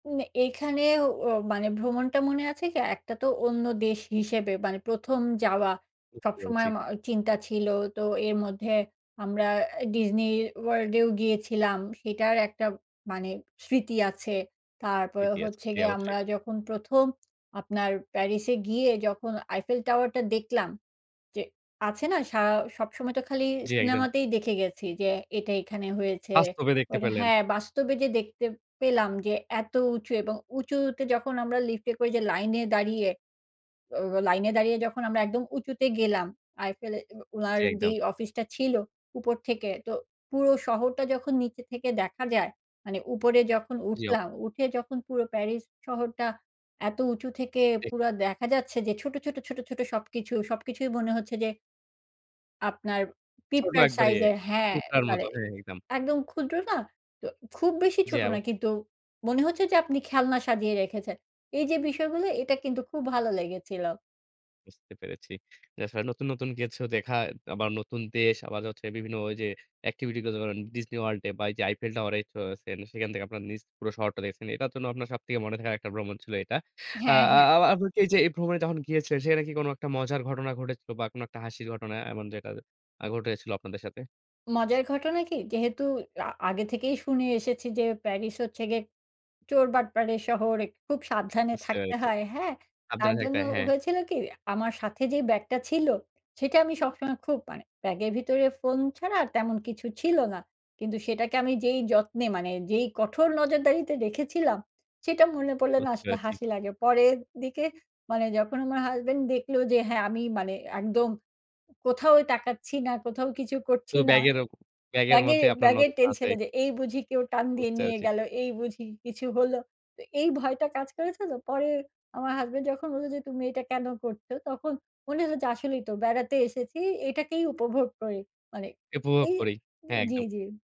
উম এখানে ও মানে ভ্রমণটা মনে আছে কি, একটা তো অন্য দেশ হিসেবে মানে ১ম যাওয়া। বুঝতে সবসময় পেরেছি। আমা চিন্তা ছিল তো এর মধ্যে আমরা এ Disney World এও গিয়েছিলাম। সেটার একটা মানে স্মৃতি আছে। তারপরে স্মৃতি আছে। হচ্ছে জী, গিয়ে অবশ্যই। আমরা যখন ১ম আপনার প্যারিসে গিয়ে যখন Eiffel Tower টা দেখলাম, যে আছে না সা সবসময় তো খালি জ্বি, একদম। সিনেমাতেই দেখে গেছি যে এটা এখানে হয়েছে। বাস্তবে দেখতে ওর পেলেন। হ্যাঁ বাস্তবে যে দেখতে পেলাম যে এত উঁচু এবং উঁচুতে যখন আমরা লিফট এ করে যে লাইনে দাঁড়িয়ে, অ লাইনে দাঁড়িয়ে যখন আমরা একদম উঁচুতে গেলাম, আইফেল এ উ ওনার জ্বী, একদম। যেই অফিসটা ছিল উপর থেকে, তো পুরো শহরটা যখন নিচে থেকে দেখা যায়। মানে উপরে যখন জি, ও উঠলাম, উঠে যখন পুরো প্যারিস শহরটা এত উঁচু থেকে জি। পুরো দেখা যাচ্ছে যে ছোট, ছোট, ছোট, ছোট সবকিছু, সবকিছুই মনে হচ্ছে যে আপনার ছোট পিঁপড়ার একবারে সাইজের হ্যাঁ। পিপড়ার মতো। মানে হ্যাঁ, একদম। একদম ক্ষুদ্র না? তো খুব বেশি জ্বি, ছোট না অবশ্যই। কিন্তু মনে হচ্ছে যে আপনি খেলনা সাজিয়ে রেখেছেন। এইযে বিষয়গুলো এটা কিন্তু খুব ভালো লেগেছিল। বুঝতে পেরেছি। এছাড়া নতুন, নতুন কিছু দেখা, আবার নতুন দেশ, আবার হচ্ছে বিভিন্ন ওইযে এক্টিভিটি গুলো ধরুন Disney World এ বা ওইযে Eiffel Towerএ চড়েছেন। সেখান থেকে আপনার নিচ পুরো শহরটা দেখেছেন। এটার জন্য আপনার সবথেকে মনে থাকার একটা ভ্রমণ ছিল এটা। আ হ্যাঁ, আ হ্যাঁ। আপ আপনি কি এইযে এই ভ্রমণে যখন গিয়েছিলেন সেখানে কি কোনো একটা মজার ঘটনা ঘটেছিল? বা কোনো একটা হাসির ঘটনা এমন যেটা আ ঘটেছিল আপনাদের সাথে? মজার ঘটনা কি? যেহেতু আ আগে থেকেই শুনে এসেছি যে প্যারিস হচ্ছে গিয়ে চোরবাটপারের শহর, এ খুব সাবধানে বুঝতে থাকতে পেরেছি। হয়, হ্যাঁ? তার সাবধানে থাকতে জন্য হয়, হ্যাঁ। হয়েছিল কি? আমার সাথে যে ব্যাগটা ছিল, সেটা আমি সবসময় খুব মানে ব্যাগের ভিতরে ফোন ছাড়া আর তেমন কিছু ছিল না। কিন্তু সেটাকে আমি যেই যত্নে মানে যেই কঠোর নজরদারিতে রেখেছিলাম, সেটা মনে পড়লে না বুঝতে আসলে পেরেছি। হাসি লাগে। পরের দিকে মানে যখন আমার হাসব্যান্ড দেখলো যে হ্যাঁ আমি মানে একদম কোথাওই তাকাচ্ছি না, কোথাও কিছু করছি শুধু না ব্যাগের ও ব্যাগের ব্যাগের মধ্যেই আপনার ব্যাগের নজরটা আছে। টেনশনে। যে এই বুঝি কেউ টান দিয়ে বুঝতে নিয়ে পারছি। গেল, এই বুঝি কিছু হলো। তো এই ভয়টা কাজ করেছে তো। পরে আমার হাসব্যান্ড যখন বললো যে, "তুমি এইটা কেনো করছো?" তখন মনে হল যে আসলেই তো বেড়াতে এসেছি এটাকেই উপভোগ করি। মানে উপভোগ এই করি। জ্বী, একদম। জ্বী।